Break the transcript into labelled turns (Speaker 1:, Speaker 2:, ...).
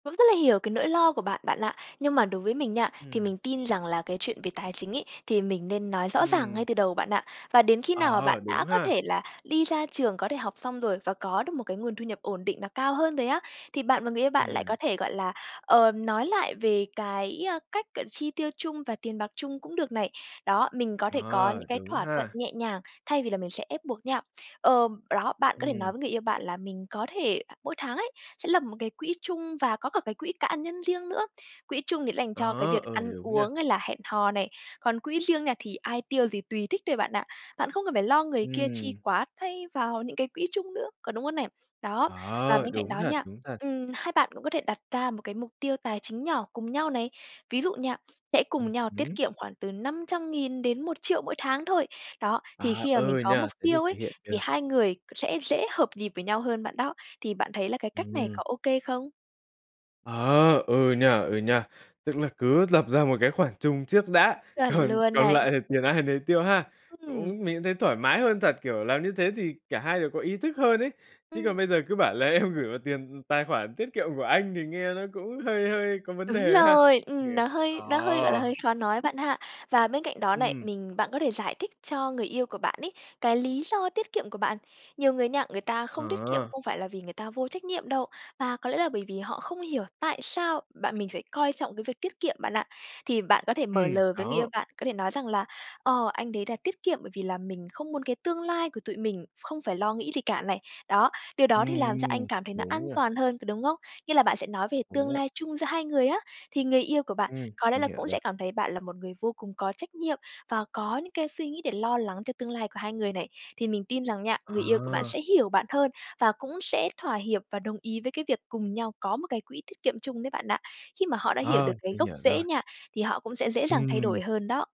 Speaker 1: Cũng rất là hiểu cái nỗi lo của bạn, bạn ạ. Nhưng mà đối với mình nha, thì
Speaker 2: Ừm.
Speaker 1: mình tin rằng là cái chuyện về tài chính ấy, thì mình nên nói rõ ràng
Speaker 2: Ừm.
Speaker 1: ngay từ đầu, bạn ạ. Và đến khi nào mà
Speaker 2: Ờ,
Speaker 1: bạn
Speaker 2: đúng
Speaker 1: đã có
Speaker 2: ha?
Speaker 1: thể là đi ra trường, có thể học xong rồi và có được một cái nguồn thu nhập ổn định và cao hơn rồi á, thì bạn và người yêu bạn lại
Speaker 2: Ừm.
Speaker 1: có thể, gọi là, ờ, nói lại về cái, ơ, cách, gọi là, chi tiêu chung và tiền bạc chung cũng được này. Đó, mình có thể có những
Speaker 2: Ờ,
Speaker 1: cái
Speaker 2: đúng
Speaker 1: thỏa thuận
Speaker 2: ha.
Speaker 1: nhẹ nhàng, thay vì là mình sẽ ép buộc nhau. Ờm, đó, bạn có thể nói
Speaker 2: Ừm.
Speaker 1: với người yêu bạn là mình có thể mỗi tháng ấy sẽ lập một cái quỹ chung và có cả cái quỹ cá, nhân riêng nữa. Quỹ chung thì sẽ dành cho cái
Speaker 2: Đó,
Speaker 1: việc
Speaker 2: ừ,
Speaker 1: ăn
Speaker 2: đúng nha.
Speaker 1: uống hay là hẹn hò này, còn quỹ riêng nha thì ai tiêu gì tùy thích thôi bạn ạ. Bạn không cần phải lo người kia chi
Speaker 2: Ừm.
Speaker 1: quá tay vào những cái quỹ chung nữa, có đúng không nè? Đó, và
Speaker 2: Ờ,
Speaker 1: bên cạnh
Speaker 2: đúng
Speaker 1: đó
Speaker 2: thật,
Speaker 1: nha,
Speaker 2: đúng thật.
Speaker 1: ừm, hai bạn cũng có thể đặt ca một cái mục tiêu tài chính nhỏ cùng nhau này. Ví dụ nha, sẽ
Speaker 2: Ừ
Speaker 1: cùng nhau tiết
Speaker 2: hứm.
Speaker 1: kiệm khoảng từ 500.000 đến 1.000.000 mỗi tháng thôi. Đó, thì
Speaker 2: À,
Speaker 1: khi mà mình
Speaker 2: ừ nhỉ,
Speaker 1: có mục
Speaker 2: thế thì
Speaker 1: tiêu
Speaker 2: thực
Speaker 1: ấy,
Speaker 2: hiện
Speaker 1: thì
Speaker 2: được.
Speaker 1: hai người sẽ dễ hợp nhịp với nhau hơn bạn đó. Thì bạn thấy là cái cách này
Speaker 2: Ừm.
Speaker 1: có ô kê không?
Speaker 2: Ờ, ừ nhỉ, ừ nhỉ. Tức là cứ lập ra một cái khoản chung trước đã,
Speaker 1: Chuẩn
Speaker 2: còn
Speaker 1: luôn
Speaker 2: còn
Speaker 1: này.
Speaker 2: lại thì tiền ai nấy tiêu ha.
Speaker 1: Ừm.
Speaker 2: Cũng mình cũng thấy thoải mái hơn thật, kiểu, làm như thế thì cả hai đều có ý thức hơn ấy, chứ
Speaker 1: Ừm.
Speaker 2: còn bây giờ cứ bảo là em gửi vào tiền tài khoản tiết kiệm của anh thì nghe nó cũng hơi hơi có vấn
Speaker 1: Đúng
Speaker 2: đề ha.
Speaker 1: rồi, ừm, nó
Speaker 2: [unintelligible] Ờ.
Speaker 1: hơi nó hơi, gọi là, hơi khó nói bạn ha. Và bên cạnh đó này
Speaker 2: Ừm.
Speaker 1: mình bạn có thể giải thích cho người yêu của bạn ấy, cái lý do tiết kiệm của bạn. Nhiều người nha người ta không tiết kiệm
Speaker 2: Ờ.
Speaker 1: không phải là vì người ta vô trách nhiệm đâu, mà có lẽ là bởi vì họ không hiểu tại sao bạn mình phải coi trọng cái việc tiết kiệm bạn ạ. Thì bạn có thể mở
Speaker 2: Ừm,
Speaker 1: lời với người yêu
Speaker 2: đó.
Speaker 1: bạn, có thể nói rằng là, ờ, "Anh đấy là tiết kiệm bởi vì là mình không muốn cái tương lai của tụi mình không phải lo nghĩ gì cả này. Đó, điều
Speaker 2: Ừm,
Speaker 1: đó thì làm cho anh
Speaker 2: ừm.
Speaker 1: cảm thấy nó an
Speaker 2: Đúng rồi.
Speaker 1: toàn hơn, có đúng không?" Nghĩa là bạn sẽ nói về
Speaker 2: Đúng
Speaker 1: tương
Speaker 2: vậy.
Speaker 1: lai chung giữa hai người á, thì người yêu của bạn
Speaker 2: Ừm,
Speaker 1: có lẽ
Speaker 2: mình
Speaker 1: là
Speaker 2: hiểu
Speaker 1: cũng
Speaker 2: rồi.
Speaker 1: sẽ cảm thấy bạn là một người vô cùng có trách nhiệm và có những cái suy nghĩ để lo lắng cho tương lai của hai người này. Thì mình tin rằng nha, người yêu của bạn
Speaker 2: Ờ.
Speaker 1: sẽ hiểu bạn hơn và cũng sẽ thỏa hiệp và đồng ý với cái việc cùng nhau có một cái quỹ tiết kiệm chung đấy bạn ạ. Khi mà họ đã hiểu
Speaker 2: Ờ,
Speaker 1: được cái
Speaker 2: mình
Speaker 1: gốc
Speaker 2: hiểu rồi.
Speaker 1: rễ nha, thì họ cũng sẽ dễ dàng thay
Speaker 2: Ừm.
Speaker 1: đổi hơn đó.